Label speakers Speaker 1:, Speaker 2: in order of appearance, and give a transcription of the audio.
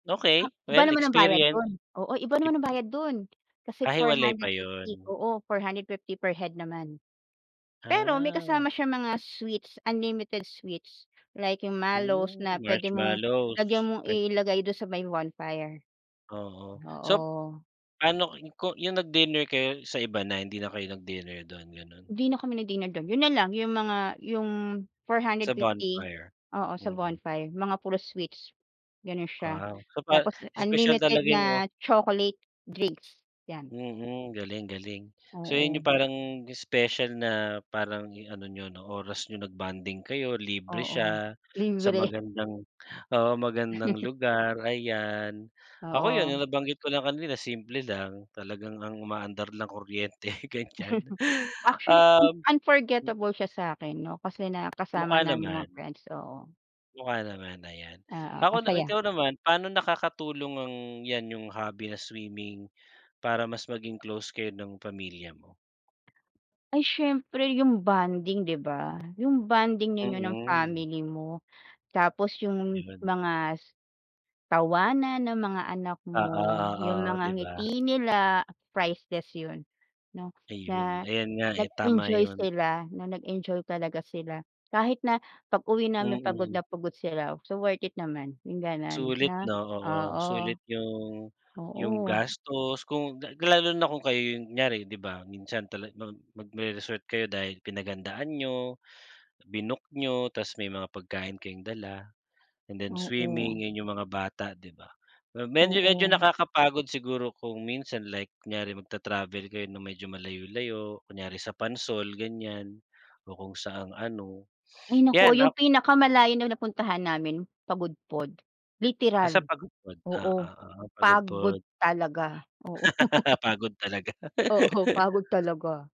Speaker 1: Ah,
Speaker 2: Okey,
Speaker 1: iba
Speaker 2: well,
Speaker 1: naman ang bayad
Speaker 2: experience.
Speaker 1: do'n. Oo iba
Speaker 2: Cheap
Speaker 1: naman ang bayad do'n kasi
Speaker 2: Ah,
Speaker 1: four
Speaker 2: hiwalay pa
Speaker 1: hundred fifty
Speaker 2: yun.
Speaker 1: Oo, ₱450 per head naman. Pero may
Speaker 2: Ah.
Speaker 1: kasama siyang mga sweets, unlimited sweets, like, yung mallows
Speaker 2: Ooh,
Speaker 1: na pwede mong lagyan
Speaker 2: marshmallows.
Speaker 1: mong
Speaker 2: Pwed
Speaker 1: ilagay do'n sa may bonfire.
Speaker 2: Oo. Sop
Speaker 1: Oo.
Speaker 2: ano ko yung nag-dinner kayo sa iba na, hindi na kayo nag-dinner do'n, gano'n?
Speaker 1: 'Di na kami nag-dinner do'n, yun na lang, yung mga yung four
Speaker 2: Sa
Speaker 1: hundred fifty
Speaker 2: bonfire.
Speaker 1: oo, sa
Speaker 2: Mm.
Speaker 1: bonfire, mga puro sweets, ganon siya.
Speaker 2: Wow, so pa
Speaker 1: Tapos
Speaker 2: espesyal
Speaker 1: unlimited
Speaker 2: talaga yung, oh.
Speaker 1: na chocolate drinks, 'yan.
Speaker 2: Mm, galing galing. So yun
Speaker 1: Oo.
Speaker 2: yung parang special na parang ano niyo 'no, oras niyo, nag-bonding kayo, libre
Speaker 1: Oo,
Speaker 2: siya, sa
Speaker 1: libre.
Speaker 2: magandang oo, magandang lugar, ayan. Ako, yun yung
Speaker 1: Oo.
Speaker 2: nabanggit ko lang kanila simple lang, talagang ang umaandar lang kuryente, ganyan.
Speaker 1: Actually, in
Speaker 2: Uhm mm.
Speaker 1: unforgettable siya sa'kin 'no, kasi
Speaker 2: Mukha
Speaker 1: nakasama namin yung mga
Speaker 2: naman.
Speaker 1: friends, oo.
Speaker 2: Mukha naman, ayan.
Speaker 1: Oo,
Speaker 2: Ako
Speaker 1: ang
Speaker 2: na
Speaker 1: saya.
Speaker 2: ikaw naman, paano nakakatulong ang 'yan, yung hobby na swimming, para mas maging close kayo ng pamilya mo?
Speaker 1: Ay, siyempre, yung bonding, 'di ba? Yung bonding ninyo ng
Speaker 2: Mm.
Speaker 1: family mo. Tapos yung
Speaker 2: Yun.
Speaker 1: mga s tawanan ng mga anak
Speaker 2: Oo,
Speaker 1: mo, yung
Speaker 2: oo,
Speaker 1: mga
Speaker 2: 'di ba?
Speaker 1: ngiti nila, priceless yun 'no, na,
Speaker 2: Ayun. Ayun nga, eh, tama
Speaker 1: nag-enjoy
Speaker 2: yun.
Speaker 1: sila, na nag-enjoy talaga sila. Kahit na pag-uwi namin pagod
Speaker 2: Mm.
Speaker 1: na pagod sila, so worth it naman, yung gano'n,
Speaker 2: Sulit,
Speaker 1: 'no?
Speaker 2: 'no? Oo,
Speaker 1: Oo.
Speaker 2: sulit yung yung
Speaker 1: Oo.
Speaker 2: gastos, kung lalo na kung kayo yung kunyari, 'di ba. Minsan talag mag magre-resort kayo dahil pinaghandaan niyo, binook niyo, tapos, may mga pagkain kayong dala and then
Speaker 1: Oo.
Speaker 2: swimming, yun yung mga bata, 'di ba. Medyo-medyo
Speaker 1: Oo.
Speaker 2: nakakapagod siguro kung minsan, like kunyari magta-travel kayo ng medyo malayu-layo, kunyari sa Pansol, ganyan. O kung saang ano,
Speaker 1: Ay naku,
Speaker 2: 'yan
Speaker 1: yung
Speaker 2: ok
Speaker 1: pinakamalayo na napuntahan namin, Pagudpod.
Speaker 2: Ah, sa
Speaker 1: Literal,
Speaker 2: Pagudpod, ah.
Speaker 1: oo.
Speaker 2: Oo,
Speaker 1: Pagod
Speaker 2: Pagudpod.
Speaker 1: talaga, oo.
Speaker 2: Pagod talaga.
Speaker 1: Oo, pagod talaga.